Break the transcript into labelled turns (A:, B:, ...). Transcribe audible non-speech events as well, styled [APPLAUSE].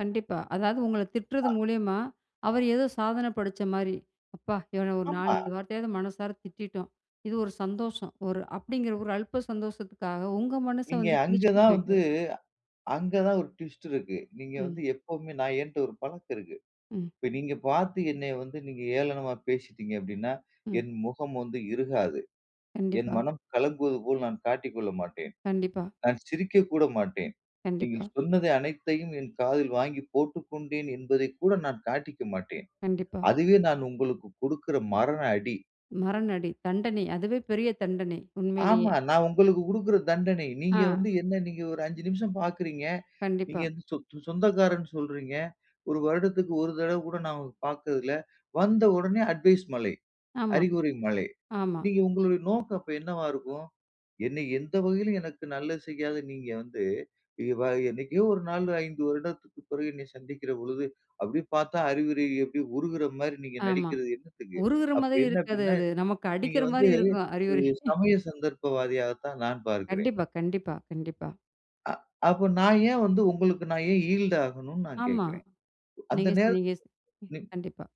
A: கண்டிப்பா. அதாவது, உங்கள திட்டுறது
B: அ.
A: மூலியமா, அவர் ஏதோ சாதன படைச்ச மாதிரி அப்பா, இவன ஒரு
B: ஆமா.
A: நாலு வார்த்தையாவது மனசார திட்டிட்டோம். இது ஒரு சந்தோஷம், ஒரு அப்படிங்கிற ஒரு அல்ப்ப சந்தோஷத்துக்காக, உங்க மனச
B: நீங்க
A: வந்து
B: அங்க
A: கிழிச்சிட்டு
B: தான் வந்து,
A: போய்ட்டாரு.
B: அங்க தான் ஒரு ட்விஸ்ட் இருக்கு. நீங்க வந்து
A: ம்.
B: எப்போமே, நான் என்கிட்ட ஒரு பழக்கம் இருக்குது.
A: ம்.
B: இப்ப நீங்க பார்த்து என்னை வந்து நீங்க ஏளனமா பேசிட்டீங்க அப்டினா,
A: ம்.
B: என் முகம் வந்து இருகாது. என்
A: கண்டிப்பா.
B: மனம் கலங்குவது போல் நான் காட்டிக் கொள்ள மாட்டேன்.
A: கண்டிப்பா.
B: நான் சிரிக்க கூட மாட்டேன். நீங்க
A: கண்டிப்பா.
B: சொன்னது அனைத்தையும் என் காதில் வாங்கி போட்டுக்கொண்டேன் என்பதை கூட நான் காட்டிக்க மாட்டேன்.
A: கண்டிப்பா.
B: அதுவே நான் உங்களுக்கு குடுக்கிற "மரண அடி".
A: மரணடி, தண்டனை. அதுவே பெரிய தண்டனை, உண்மையிலேயே.
B: ஆமா, நான் உங்களுக்கு குடுக்கிற தண்டனை. நீங்க
A: ஆ.
B: வந்து என்ன நீ ஒரு 5 நிமிஷம் பார்க்கிறீங்க. நீங்க
A: கண்டிப்பா.
B: சொ சொ சொந்தக்காரன்னு சொல்கிறீங்க. ஒரு வருடத்திற்கு ஒரு தடவ கூட நான் உங்கள பார்த்ததில்ல. வந்த உடனே அட்வைஸ் மழை,
A: ஆமா,
B: அறிவுரை மழை.
A: ஆமா.
B: நீங்க உங்களுடைய நோக்கம் அப்ப என்னவா இருக்கும்? என்னைய எந்த வகையிலும் எனக்கு நல்லது செய்யாத நீங்க வந்து [UNINTELLIGIBLE] என்னைக்கோ ஒரு நாள், 5 வருடத்திற்கு பிறகு என்னை சந்திக்கிற பொழுது, அப்டினு பார்த்தா அறிவுரை எப்டி? உருகிற மாரி நீங்க
A: ஆமா,
B: நடிக்கிறது என்னத்துக்கு?
A: உருகிற
B: அப்ப
A: மாரி
B: என்ன
A: இருக்காது
B: அப்டினா,
A: அது, நமக்கு
B: நீங்க
A: அடிக்கிற
B: வந்து
A: மாரி இருக்கும் அறிவுரை.
B: ம்
A: [CHUCKLES]
B: சமய சந்தர்ப்பவாதியாக தான் நான் பார்க்கிறேன்.
A: கண்டிப்பா, கண்டிப்பா, கண்டிப்பா.
B: அ, அப்போ நான் ஏன் வந்து உங்களுக்கு நான் ஏன் ஈல்ட் ஆகணும்னு நான்
A: ஆமா,
B: கேட்கிறேன். அந்த
A: நீங்க செ
B: நேரத்தில
A: நீங்க செ
B: நீங்
A: கண்டிப்பா.